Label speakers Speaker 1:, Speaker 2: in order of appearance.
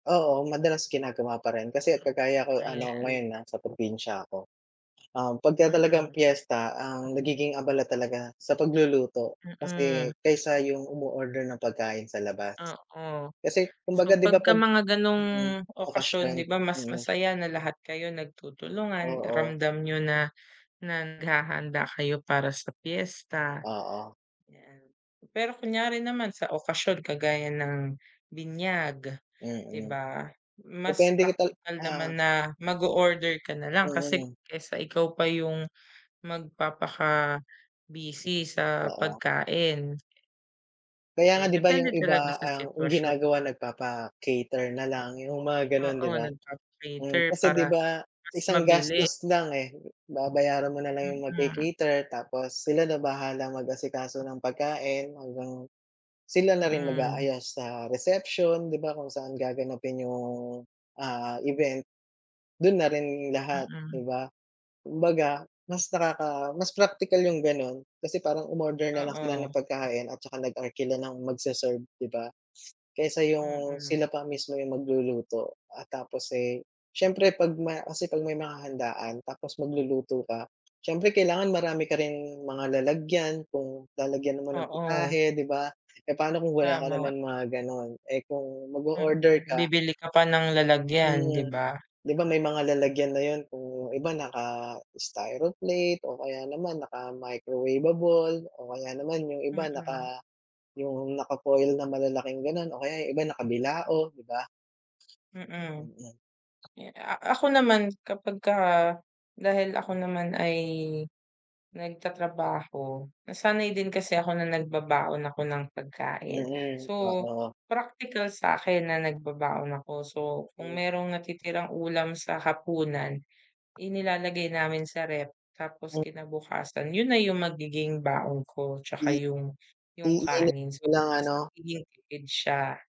Speaker 1: Oo, madalas ginagawa pa rin kasi kagaya ko ano,
Speaker 2: Ayan.
Speaker 1: ngayon nasa probinsya ako. Um, pagka talagang
Speaker 2: Mm.
Speaker 1: piyesta ang nagiging abala talaga sa pagluluto
Speaker 2: Mm.
Speaker 1: kasi kaysa yung umo-order ng pagkain sa labas.
Speaker 2: Oo.
Speaker 1: Kasi kumbaga,
Speaker 2: So,
Speaker 1: 'di ba,
Speaker 2: pagka
Speaker 1: 'pag
Speaker 2: mga gano'ng
Speaker 1: mm,
Speaker 2: okasyon
Speaker 1: okasyon,
Speaker 2: 'di ba, mas
Speaker 1: mm.
Speaker 2: masaya na lahat kayo nagtutulungan,
Speaker 1: Oo.
Speaker 2: ramdam niyo na na naghahanda kayo para sa piyesta,
Speaker 1: Oo.
Speaker 2: 'yan. Pero kunyari naman sa okasyon kagaya ng binyag, di
Speaker 1: Mm,
Speaker 2: ba? Mas
Speaker 1: depende kita
Speaker 2: praktikal
Speaker 1: ah.
Speaker 2: naman na mag-o-order ka nalang kasi
Speaker 1: Mm.
Speaker 2: kaysa ikaw pa yung magpapaka-busy sa
Speaker 1: Oo.
Speaker 2: pagkain.
Speaker 1: Kaya
Speaker 2: So,
Speaker 1: nga 'di ba, yung
Speaker 2: depende talaga
Speaker 1: iba
Speaker 2: sa
Speaker 1: ang yung
Speaker 2: sitwasyon.
Speaker 1: ginagawa nagpapa-cater na lang, yung mga gano'n,
Speaker 2: Oo,
Speaker 1: 'di ba? Mm.
Speaker 2: nagpapa-cater
Speaker 1: Kasi 'di
Speaker 2: para
Speaker 1: ba, sa
Speaker 2: mas
Speaker 1: isang
Speaker 2: mabilis.
Speaker 1: gastos lang, eh, babayaran mo nalang yung
Speaker 2: Mm.
Speaker 1: nagca-cater tapos sila na bahala mag-asikaso ng pagkain hanggang sila na rin
Speaker 2: Mm.
Speaker 1: mag-aayos sa reception, 'di ba, kung saan gaganapin yung, ah, event, dun na rin lahat,
Speaker 2: Mm.
Speaker 1: 'di ba? Kumbaga, mas nakaka mas praktikal yung gano'n kasi parang umorder na lang sila
Speaker 2: Oo.
Speaker 1: ng pagkain at saka nag-arkila ng magse-serve, 'di ba? Kaysa yung
Speaker 2: Mm.
Speaker 1: sila pa mismo yung magluluto at tapos, eh, siyempre, 'pag may kasi 'pag may mga handaan tapos magluluto ka, siyempre, kailangan marami ka rin mga lalagyan kung lalagyan mo ng
Speaker 2: Oo.
Speaker 1: putahe, 'di ba? Eh, paano kung wala ka
Speaker 2: Tama.
Speaker 1: naman mga gano'n, eh, kung mag-o-order
Speaker 2: Mm,
Speaker 1: ka
Speaker 2: bibili ka pa ng lalagyan, 'di
Speaker 1: Hmm,
Speaker 2: ba?
Speaker 1: 'di ba may mga lalagyan na yun kung iba, naka-styroplate o kaya naman naka-microwavable o kaya naman yung iba
Speaker 2: Mm.
Speaker 1: naka yung naka-foil na malalaking ganun o kaya yung iba nakabilao, 'di ba?
Speaker 2: Mm.
Speaker 1: Mm.
Speaker 2: Eh, a ako naman, kapagka dahil ako naman ay nagtatrabaho, nasanay din kasi ako na nagbabaon ako ng pagkain.
Speaker 1: Mm,
Speaker 2: So,
Speaker 1: oo.
Speaker 2: practical sa'kin na nagbabaon ako. So, kung merong natitirang ulam sa hapunan, inilalagay namin sa ref tapos
Speaker 1: Mm.
Speaker 2: kinabukasan, yun na yung magiging baon ko tsaka
Speaker 1: Mm.
Speaker 2: yung yung
Speaker 1: Iinit
Speaker 2: kanin.
Speaker 1: mo
Speaker 2: So,
Speaker 1: lang
Speaker 2: mas
Speaker 1: ano?
Speaker 2: magiging tipid siya.